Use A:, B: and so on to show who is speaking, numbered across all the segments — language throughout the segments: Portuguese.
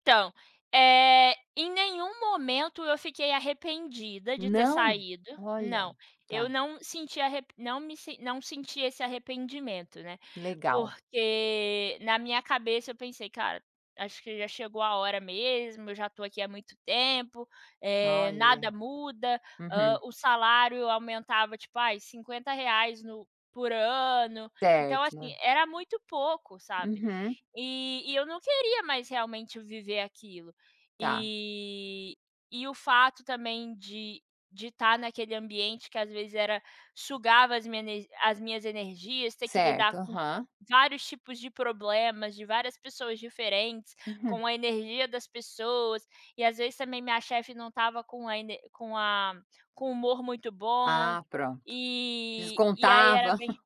A: Então, eh, em nenhum momento eu fiquei arrependida de ter
B: Não?
A: saído
B: Olha,
A: não, eu
B: tá.
A: não senti a não me não senti esse arrependimento, né,
B: Legal.
A: porque na minha cabeça eu pensei: "Cara, acho que já chegou a hora mesmo, eu já tô aqui há muito tempo, eh, nada
B: Olha.
A: muda", hã,
B: Uhum.
A: o salário eu aumentava tipo ai R$ 50,00 no por ano, então,
B: Certo,
A: assim,
B: né.
A: era muito pouco, sabe,
B: Uhum.
A: e e eu não queria mais realmente viver aquilo.
B: Tá.
A: E e o fato também de de tá naquele ambiente que às vezes era sugava as minha as minhas energias, ter que lidar
B: Certo,
A: com
B: aham.
A: vários tipos de problemas, de várias pessoas diferentes,
B: Uhum.
A: com a energia das pessoas, e às vezes também minha chefe não estava com a ener com a com o humor muito bom,
B: Ah, pronto.
A: e e aí era
B: Descontava.
A: bem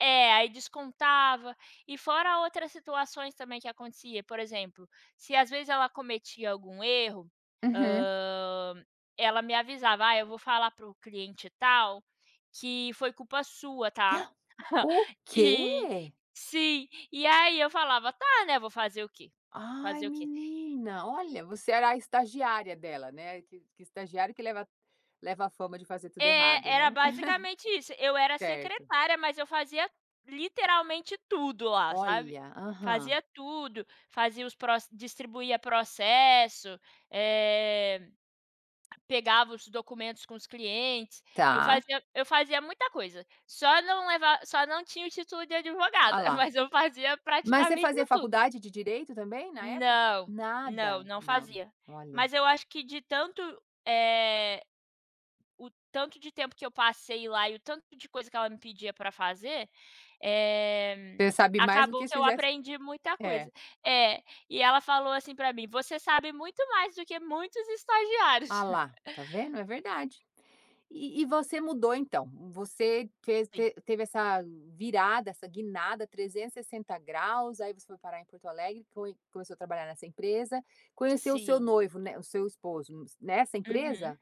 A: é, aí descontava, e fora outras situações também que acontecia, por exemplo, se às vezes ela cometia algum erro,
B: Uhum.
A: hã, ela me avisava: "Ai, eu vou falar para o cliente tal, que foi culpa sua, tá?".
B: O
A: E
B: quê?
A: sim, e aí eu falava: "Tá", né, vou fazer o quê?
B: Ai
A: Fazer o quê?
B: menina olha você era a estagiária dela, né, que que estagiário que leva leva a fama de fazer tudo errado,
A: É, era
B: né?
A: basicamente isso, eu era
B: Certo.
A: secretária, mas eu fazia literalmente tudo lá, sabe,
B: Olha, aham.
A: fazia tudo, fazia os pro distribuía processo, eh, pegava os documentos com os clientes, eu
B: Tá.
A: fazia eu fazia muita coisa, só não levar só não tinha o título de
B: A
A: advogada,
B: lá.
A: mas eu fazia
B: Mas você
A: praticamente
B: fazia
A: tudo.
B: faculdade de direito também na época?
A: Não, não,
B: Nada,
A: não
B: não,
A: fazia.
B: olha.
A: Mas eu acho que de tanto, eh, o tanto de tempo que eu passei lá e o tanto de coisa que ela me pedia para fazer, eh,
B: Você sabe mais do
A: acabou
B: que se
A: que eu
B: fizesse.
A: aprendi muita
B: É.
A: coisa. É, e ela falou assim para mim, você sabe muito mais do que muitos
B: Ah
A: estagiários.
B: lá, tá vendo, é verdade. E e você mudou então, você te
A: Sim.
B: te teve essa virada, essa guinada 360º, aí você foi parar em Porto Alegre, foi começou a trabalhar nessa empresa, conheceu o seu
A: Sim.
B: noivo, né, o seu esposo, nessa empresa?
A: Uhum.